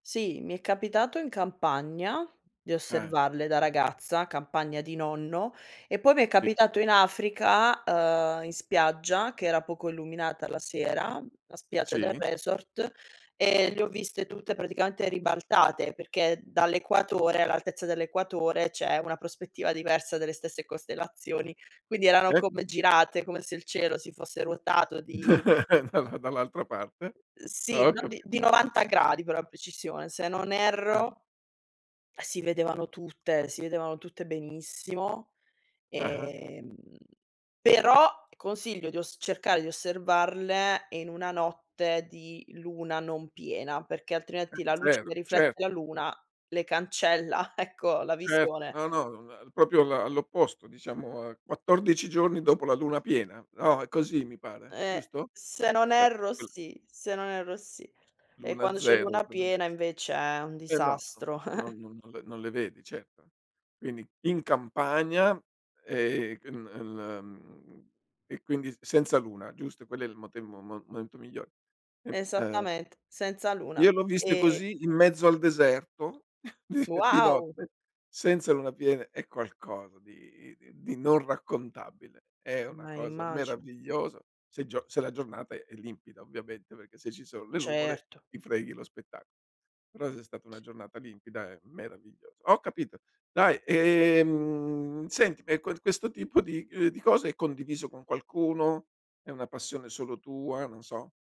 Sì, mi è capitato in campagna di Eh. osservarle da ragazza, campagna di nonno. E poi m'è Sì. capitato in Africa, ehm, in spiaggia che era poco illuminata la sera, la spiaggia del Sì. resort e le ho viste tutte praticamente ribaltate, perché dall'equatore all'altezza dell'equatore, c'è una prospettiva diversa delle stesse costellazioni, quindi erano Eh. come girate come se il cielo si fosse ruotato di Dalla dall'altra parte. Uhm, Ah, sì, ho no dì capito. di 90 gradi per la precisione. Se non Ah. erro, si vedevano tutte, si vedevano tutte benissimo, Ah-ah. ehm, però consiglio di oss cercare di osservarle in una notte di luna non piena, perché Eh, altrimenti la luce 0, che riflette la certo. luna le cancella, ecco, la Certo, visione. no, no, uhm, la proprio la all'opposto diciamo, a 14 giorni dopo la luna piena. No, è così mi pare. Ehm, Giusto? se non E erro, [unintelligible] sì se non erro, sì. E Luna quando c'è 0 luna piena, [unintelligible] invece è un eh, no, no. disastro. No non non le non le vedi, certo. Quindi, in campagna e [unintelligible] uhm, e quindi senza luna, giusto? Quello è il mote mo mo momento miglio ehm, uhm Esattament senza luna Io le ho viste e e così, in mezzo al deserto di di Wow! notte, senza luna piena. È qualcosa di di non raccontabile. È una Ma cosa immagino. meravigliosa. Se gio se la giornata è limpida ovviamente, perché se ci sono le nuvole Certo. ti freghi lo spetta però se è stata una giornata limpida è meraviglio ho capito, dai, ehm, senti e quen questo tipo di, uhm, di cose è condiviso con qualcuno? È una passione solo tua? Non so.